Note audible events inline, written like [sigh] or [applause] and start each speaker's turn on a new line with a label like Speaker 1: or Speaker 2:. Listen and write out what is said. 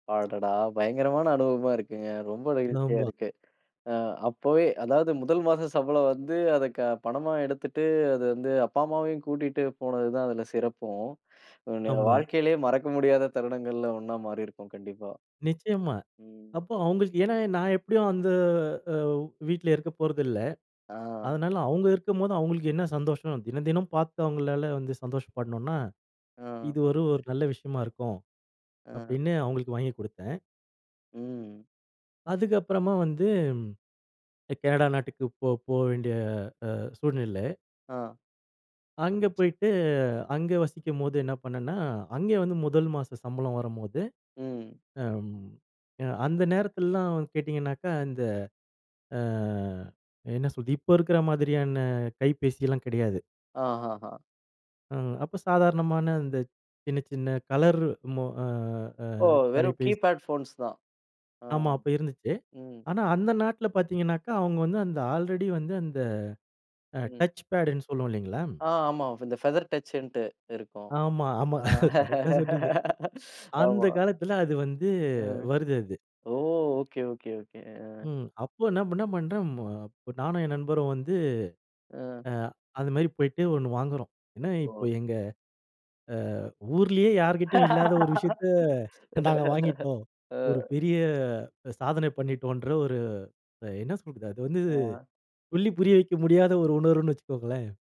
Speaker 1: அடடா! பயங்கரமான அனுபவமா இருக்குங்க. ரொம்ப நெகிழ்ச்சியா
Speaker 2: நாம்ப
Speaker 1: இருக்கு. அ அப்போவே அதாவது முதல் மாச சம்பளம் வந்து, அதை க பணமா எடுத்துட்டு அது வந்து, அப்பா அம்மாவையும் கூட்டிட்டு போனது தான் அதில சிறப்பும். உங்களுடைய
Speaker 2: ஆமா.
Speaker 1: வாழ்க்கையிலே மறக்க முடியாத தருணங்கள்ல ஒண்ணா மாறியிருக்கும் கண்டிப்பா.
Speaker 2: நிச்சயமா.
Speaker 1: ம்.
Speaker 2: அப்ப அவுங்களுக்கு ஏன்னா நான் எப்படியும் அந்த அ வீட்ல இருக்க போறதில்ல.
Speaker 1: அ.
Speaker 2: அதனால அவுங்க இருக்கும்போது அவுங்களுக்கு என்ன சந்தோஷம் அப்படின்னா, தினம், தினம் பார்த்து அவுங்களால வந்து சந்தோஷப்படணும்னா,
Speaker 1: ம்.
Speaker 2: இது ஒரு ஒரு நல்ல விஷயமா இருக்கும்.
Speaker 1: அ.
Speaker 2: அப்படின்னு அவுங்களுக்கு வாங்கி கொடுத்தேன்.
Speaker 1: ம்.
Speaker 2: அதுக்கு அப்பறமா வந்து. எ கனடா நாட்டுக்கு போ போ வேண்டிய அ சூழ்நிலை.
Speaker 1: ஆ.
Speaker 2: அங்க போயிட்டு, அங்க வசிக்கும்போது என்ன பண்ணன்னா, அங்கே வந்து முதல் மாச சம்பளம் வரும்போது
Speaker 1: ம்.
Speaker 2: அம் அந்த நேரத்திலல்லாம் கேட்டீங்கனாக்கா அந்த அ என்ன சொல்றது இப்ப இருக்குற மாதிரியான கைபேசி எல்லாம் கிடையாது.
Speaker 1: ஆஹா. ஆ.
Speaker 2: ம். அப்ப சாதாரணமான இந்த சின்ன, சின்ன கலர் மொ அ அ
Speaker 1: ஓ! வெறும்
Speaker 2: தொலைபேசி.
Speaker 1: கீபேட் ஃபோன்ஸ் தான். அ.
Speaker 2: ஆமா. அப்ப இருந்துச்சு.
Speaker 1: ம்.
Speaker 2: ஆனா அந்த நாட்ல பார்த்தீங்கனாக்கா, அவுங்க வந்து அந்த ஆல்ரெடி வந்து அந்த அ
Speaker 1: ம்.
Speaker 2: டச் பேட்ன்னு சொல்லுவோ இல்லைங்களா?
Speaker 1: ஆ. ஆமா. ஃப் இந்த ஃபெதர் டச்சுன்னுட்டு இருக்கும்.
Speaker 2: ஆமா. ஆமா.
Speaker 1: அ
Speaker 2: கரெக்ட்‌டா சொன்னீங்க.
Speaker 1: [laughs]
Speaker 2: அந்த
Speaker 1: ஆமா.
Speaker 2: காலத்துல அது வந்து
Speaker 1: ம்.
Speaker 2: வருது அது.
Speaker 1: ஓ! Okay, okay, okay. அ.
Speaker 2: ம். அப்ப என்னா பண்ணேன் பண்டேன். மு நானும் என் நண்பரும் வந்து,
Speaker 1: அ.
Speaker 2: அ அது மாதிரி போயிட்டு ஒண்ணு வாங்குறோம். ஏன்னா
Speaker 1: ஓ!
Speaker 2: இப்ப எங்க அ ஊர்லேயே யார்கிட்டயும் இல்லாத ஒரு விஷயத்தை
Speaker 1: [laughs]
Speaker 2: நாங்க வாங்கிட்டோம். ஒரு
Speaker 1: அ.
Speaker 2: பெரிய சாதனை பண்ணிட்டோன்ற ஒரு என்ன சொல்றது அது வந்து
Speaker 1: ஆ.
Speaker 2: சொல்லி புரிய வைக்க முடியாத ஒரு உணர்வுன்னு வச்சுக்கோங்களேன்.